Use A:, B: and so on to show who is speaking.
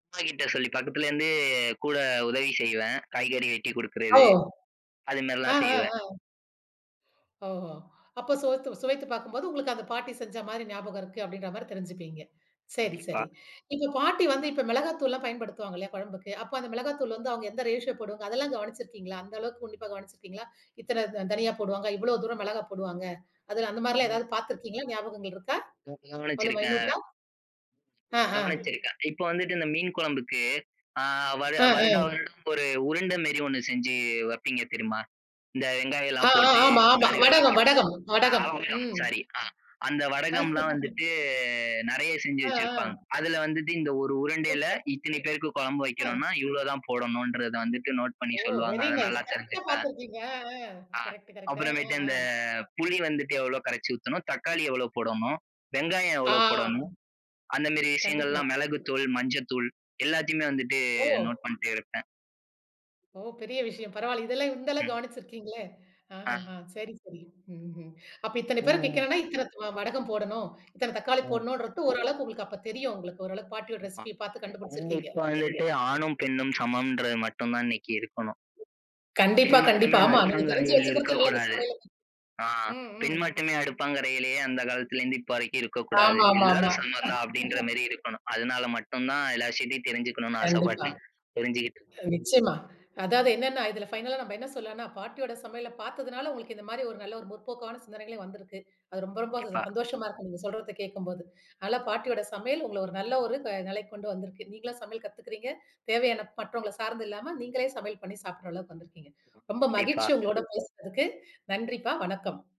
A: அம்மாக்கிட்ட சொல்லி பக்கத்துல இருந்து கூட உதவி செய்வேன். காய்கறி வெட்டி
B: ஓ!
A: கொடுக்கிறது. அது
B: ஆ,
A: மாரிலாம்
B: ஆ,
A: செய்வேன்.
B: ஆ. ஓஹோ! அப்போ சுவத்து சுவைத்துப் பாக்கும்போது உங்களுக்கு அந்த பாட்டி செஞ்ச மாரி ஞாபகம் இருக்கு அப்படின்ற மாரி தெரிஞ்சுப்பீங்க. சரி,
A: கண்டிப்பா.
B: சரி. இப்ப பாட்டி வந்து இப்ப மிளகாத்தூள்லாம் பயன்படுத்துவாங்க இல்லையா குழம்புக்கு? அப்போ அந்த மிளகாத்தூள் வந்து அவங்க எந்த ரேஷியோ போடுவாங்க அதெல்லாம் கவனிச்சிருக்கீங்களா? அந்த அளவுக்கு உன்னிப்பா கவனிச்சிருக்கீங்களா? இத்தன தனியா போடுவாங்க, இவ்வளவு தூரம் மிளகாய் போடுவாங்க, அதெல்லாம் அந்த மாரிலாம்
A: ம்.
B: ஏதாவது பாத்திருக்கீங்களா? ஞாபகங்கள் இருக்கா?
A: ம்,
B: அவ்வளவு
A: கவனிச்சுருக்கேன்.
B: மைனூட்டா? ஆ, ஹ.
A: கவனிச்சிருக்கன். இப்ப வந்துட்டு இந்த மீன் குழம்புக்கு அ வரு
B: ஆ,
A: வருடா
B: ஆ.
A: வருடம் ஒரு உருண்ட மேரி 1 செஞ்சு வப்பீங்க தெரியுமா? இந்த
B: ஆ,
A: வெங்காயலாம்
B: ஆ.
A: போட்டு
B: ஆமா, ஆமா.
A: கடுகு எல்லாம் போ
B: வடகம் வடகம்
A: ஆ
B: வடகம்
A: வடகம்.
B: ம்.
A: சாரி, ஆ. அந்த
B: அ
A: வடகம்லாம் வந்துட்டு நெறைய செஞ்சு
B: ஆ,
A: வச்சிருப்பாங்க.
B: ஆ.
A: அதுல வந்துட்டு இந்த 1 உருண்டையில
B: சூப்பர்!
A: இத்தனை பேருக்கு குழம்பு
B: அ.
A: வைக்கிறோனா, இவ்வளவு தான் போடணுன்றத வந்துட்டு நோட் பண்ணி
B: ஓ!
A: சொல்லுவாங்க.
B: வெரி
A: அதை
B: நைஸ்.
A: நல்லா
B: கரெக்டா
A: தெரிஞ்சுப்பேன்.
B: பாத்திருக்கீங்க. அ, அ.
A: ஆ,
B: கரெக்ட், கரெக்ட். ஆ.
A: அப்புறமேட்டு
B: அ
A: இந்த
B: அ.
A: புளி வந்துட்டு எவ்வளவு கரைச்சு ஊத்தணும்? தக்காளி எவ்வளவு போடணும்? வெங்காயம்
B: ஆ.
A: எவ்வளவு போடணும்? அந்த மாரி
B: கண்டிப்பா.
A: விஷயங்கள்லாம் மிளகுத்தூள், மஞ்சள்தூள் எல்லாதையுமே வந்துட்டு
B: ஓ!
A: நோட் பண்ணிட்டே இருப்பேன்.
B: ஓ! பெரிய விஷயம். பரவால்ல. இதெல்லாம் இந்த அளவு
A: ம்.
B: கவனிச்சிருக்கீங்களே?
A: ஆ.
B: ஆஹஹ சரி, சரி. ம்ஹ்ம். அப்ப இத்தனை பேருக்கு
A: ம்.
B: வைக்கணும்னா இத்தனை வடகம் போடணும், இத்தனை தக்காளி
A: ம்.
B: போடணும்ன்றது ஓரளவுக்கு உங்களுக்கு அப்ப தெரியும் உங்களுக்கு. ஓரளவுக்கு பாட்டியோட
A: ஆமா.
B: ரெசிபியை பார்த்து கண்டுபிடிச்சிருக்கீங்க.
A: இவங்களுக்கு வந்துட்டு ஆணும் பெண்ணும் சமம்ன்றது மட்டும் தான் இன்னைக்கு இருக்கணும்.
B: கண்டிப்பா,
A: பெண்
B: கண்டிப்பா.
A: மட்டுமே
B: ஆமா, நீங்க தெரிஞ்சு
A: அடுப்பங்கரையில்
B: வச்சுக்கிறது நல்லது
A: இருக்கக்கூடாது.
B: சமையலுக்கு.
A: ஆ,
B: ம்
A: பெண்
B: ம்.
A: மட்டுமே அடுப்பங்கரையிலேயே அந்த காலத்துல இருந்து இப்ப வரைக்கும் இருக்கக்கூடாது.
B: ஆமா, ஆமா, ஆமா.
A: எல்லாரும் சமந்தான் அப்படின்ற மாரி இருக்கணும். அதுனால மட்டும் தான் எல்லா விஷயத்தையும் தெரிஞ்சுக்கணுனு
B: கண்டிப்பா.
A: ஆசைப்பட்டு, புரிஞ்சுக்கிட்டு இரு
B: நிச்சயமா. அதாவது என்னன்னா இதுல ஃபைனலா நம்ம என்ன சொல்லான்னா, பாட்டியோட சமையல பாத்ததுனால உங்களுக்கு இந்த மாரி ஒரு நல்ல ஒரு முற்போக்கான சிந்தனைகளே வந்திருக்கு. அது ரொம்ப ரொம்ப
A: கண்டிப்பா.
B: சந்தோஷமா இருக்கு. நீங்க சொல்றத கேட்கம்போது. நல்லா பாட்டியோட சமையல் உங்கள ஒரு நல்ல ஒரு நிலைக்கு கொண்டு வந்திருக்கு. நீங்களா சமையல் கத்துக்கிறீங்க. தேவையான மற்றவங்களை சார்ந்து இல்லாம நீங்களே சமையல் பண்ணி சாப்பிடுற அளவுக்கு வந்திருக்கீங்க. ரொம்ப
A: கண்டிப்பா.
B: மகிழ்ச்சி உங்களோடு பேசுனதுக்கு. நன்றிப்பா, வணக்கம்.